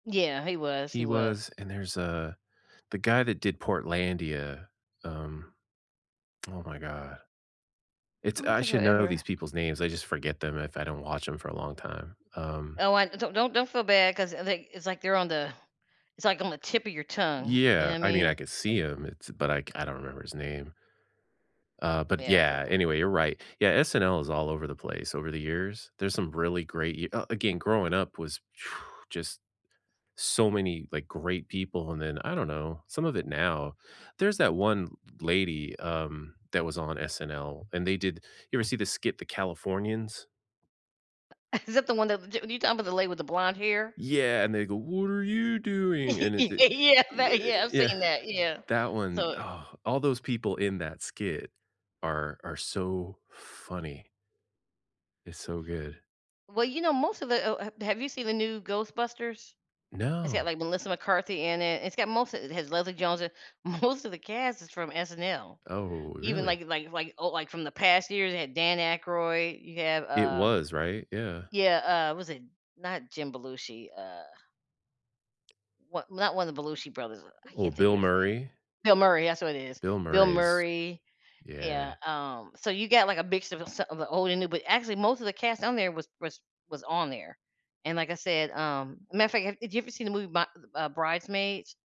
Yeah, he was, he He was. was, and there's a the guy that did Portlandia, um oh my god. I It's don't I think should I've know ever these people's names, I just forget them if I don't watch 'em for a long time, um Oh, I d don't don't don't feel bad, 'cause, i like it's, like, they're on the it's, like, on the tip of your tongue, you know Yeah. I I mean, I mean? could see him, it's but I c I don't remember his name uh, but, Yeah, yeah, [unintelligible] anyway, you're right. Yeah, SNL is all over the place, over the years. There's some really great y oh, again, growing up was just, so many, like, great people, and then, I don't know, some of it now there's that one l l lady, um, that was on SNL, and they did you ever see the skit, "The Californians?" Is that the one that w j when you talking 'bout the lady with the blonde hair? Yeah, and they go, "What are you doing?" and it's a y Yeah, that ye yeah, I've yeah, seen that, yeah, that one. so, i Oh, all those people in that skit are are so funny it's so good. Well, you know, most of it oh, ha have you seen the new Ghostbusters? It's got, No. like, Melissa McCarthy in it, it's got most of it has Leslie Jones in most of the cast is from SNL. Oh, Even, really? like like like oh, like, from the past years, they had Dan Aykroyd, you have, It uh was, right? Yeah. Yeah, uh, was it not Jim Belushi, uh what not one of the Belushi brothers, uh, I Ooh, can't think of Bill his name. Murray? Bill Murray, that's what it is. Bill Bill Murray's Murray yeah, yeah. um, so you got, like, a mix of a sa of the old and new, but actually, most of the cast on there was was was on there, and like I said, um matter of fact, have did you ever see the movie, My Th uh, Bridesmaids?